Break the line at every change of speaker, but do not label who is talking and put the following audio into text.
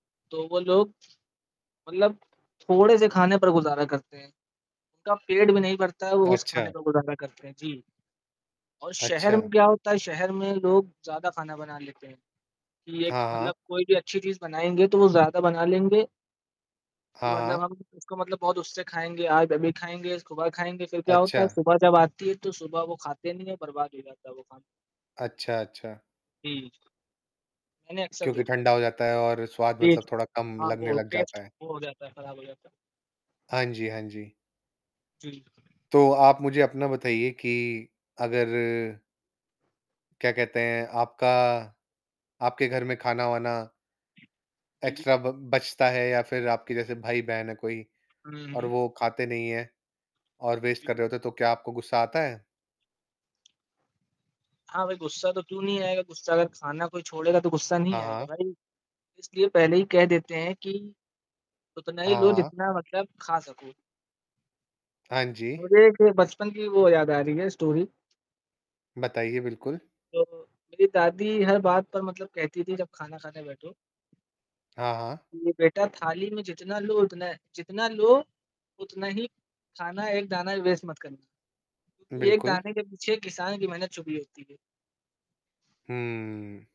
तो वो लोग मतलब थोड़े से खाने पर गुज़ारा करते हैं। उनका पेट भी नहीं भरता है, वो उस खाने
अच्छा।
पर गुज़ारा करते हैं, जी। और शहर में
अच्छा।
क्या होता है, शहर में लोग ज़्यादा खाना बना लेते हैं कि एक
हाँ, हाँ।
मतलब कोई भी अच्छी चीज़ बनाएँगे तो वो ज़्यादा बना लेंगे कि
हाँ,
मतलब
हाँ।
हम उसको मतलब बहुत उससे खाएँगे, आज अभी खाएँगे, सुबह खाएँगे फिर क्या होता है,
अच्छा।
सुबह जब आती है तो सुबह वो खाते नहीं हैं, बर्बाद हो जाता है वो खाना।
अच्छा, अच्छा।
जी, जी। मैंने अक्सर
क्योंकि
देखा है।
ठंडा हो जाता है और स्वाद मतलब
टेस्ट
थोड़ा कम
हाँ,
लगने
वो
लग
टेस्ट,
जाता है।
वो हो जाता है खराब हो जाता है।
हाँ जी, हाँ जी।
जी।
तो आप मुझे अपना बताइए की अगर क्या कहते हैं आपका आपके घर में खाना-वाना
के लिए
एक्स्ट्रा ब बचता है या फिर आपके जैसे भाई-बहन है कोई
हुँ,
और
हुँ।
वो खाते नहीं है और वेस्ट कर
जी।
रहे होते तो क्या आपको गुस्सा आता है?
हाँ भाई, गुस्सा तो क्यों नहीं आएगा, गुस्सा अगर खाना कोई छोड़ेगा तो गुस्सा
हाँ,
नहीं आएगा
हाँ।
भाई। इसलिए पहले ही कह देते हैं कि उतना
हाँ,
ही लो
हाँ।
जितना मतलब खा सको।
हाँ जी।
मुझे बचपन की वो याद आ रही है स्टोरी।
बताइए, बिल्कुल।
जब मेरी दादी हर बात पर मतलब कहती थी जब खाना खाने बैठो
हाँ, हाँ।
कि बेटा थाली में जितना लो उतना है जितना लो उतना ही खाना एक दाना भी वेस्ट मत करना। क्योंकि एक
बिल्कुल।
दाने के पीछे किसान की मेहनत छुपी होती है।
हम्म।